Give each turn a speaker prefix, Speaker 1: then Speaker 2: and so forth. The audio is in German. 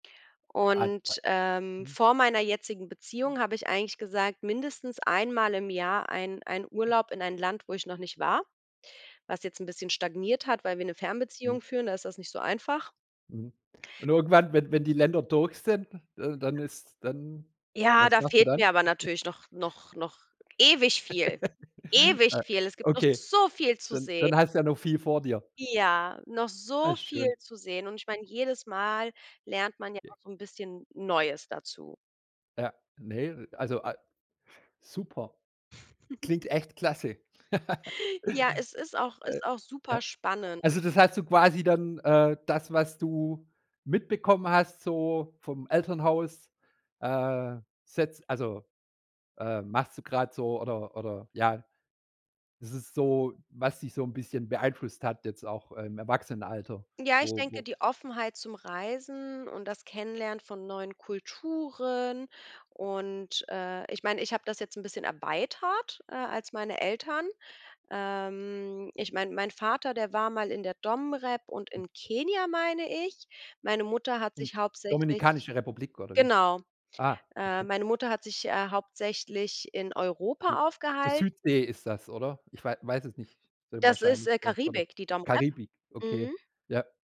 Speaker 1: Und,
Speaker 2: [unintelligible]
Speaker 1: ähm,
Speaker 2: ,mhm.
Speaker 1: vor meiner jetzigen Beziehung habe ich eigentlich gesagt, mindestens einmal im Jahr ein ein Urlaub in ein Land, wo ich noch nicht war, was jetzt 'n bisschen stagniert hat, weil wir 'ne
Speaker 2: Hm.
Speaker 1: Fernbeziehung führen, da ist das nicht so einfach.
Speaker 2: Mhm, und irgendwann, wenn wenn die Länder durch sind, äh, dann ist dann
Speaker 1: Ja,
Speaker 2: was
Speaker 1: da
Speaker 2: machst du
Speaker 1: fehlt
Speaker 2: dann?
Speaker 1: mir aber natürlich noch noch noch ewig viel, ewig
Speaker 2: Äh,
Speaker 1: viel. Es gibt noch
Speaker 2: okay,
Speaker 1: so viel zu
Speaker 2: dann
Speaker 1: seh
Speaker 2: dann hast du ja noch viel vor dir.
Speaker 1: Ja, noch
Speaker 2: Ah,
Speaker 1: so
Speaker 2: ist
Speaker 1: viel
Speaker 2: schön.
Speaker 1: zu sehen. Und ich meine, jedes Mal lernt man ja auch
Speaker 2: [unintelligible]
Speaker 1: so 'n bisschen Neues dazu.
Speaker 2: Ja, ne, also a super. Klingt echt klasse.
Speaker 1: Ja, es ist auch
Speaker 2: Äh,
Speaker 1: ist auch super
Speaker 2: a
Speaker 1: spannend.
Speaker 2: also das hast du quasi dann, äh, das, was du mitbekommen hast, so vom Elternhaus, äh, setzt also, ähm, machst du grade so oder oder, ja es ist so, was dich so 'n bisschen beeinflusst hat jetzt auch im Erwachsenenalter,
Speaker 1: Ja, ich
Speaker 2: wo
Speaker 1: denke,
Speaker 2: wo
Speaker 1: die Offenheit zum Reisen und das Kennenlernen von neuen Kulturen und, äh, ich meine, ich habe das jetzt bisschen erweitert, äh, als meine Eltern. Ähm, ich meine, mein Vater, der war mal in der DomRep und in Kenia, meine ich. Meine Mutter hat
Speaker 2: Hm.
Speaker 1: sich hauptsächlich
Speaker 2: Dominikanische Republik oder wie?
Speaker 1: genau,
Speaker 2: Ah,
Speaker 1: äh,
Speaker 2: okay.
Speaker 1: meine Mutter hat sich, äh, hauptsächlich in
Speaker 2: So
Speaker 1: Europa
Speaker 2: so
Speaker 1: aufgehalten.
Speaker 2: Südsee ist das, oder? Ich wei weiß es nicht so
Speaker 1: Das ist,
Speaker 2: wahrscheinlich
Speaker 1: äh,
Speaker 2: so oder
Speaker 1: Karibik, die DomRep.
Speaker 2: Karibik, okay.
Speaker 1: Mhm.
Speaker 2: Ja.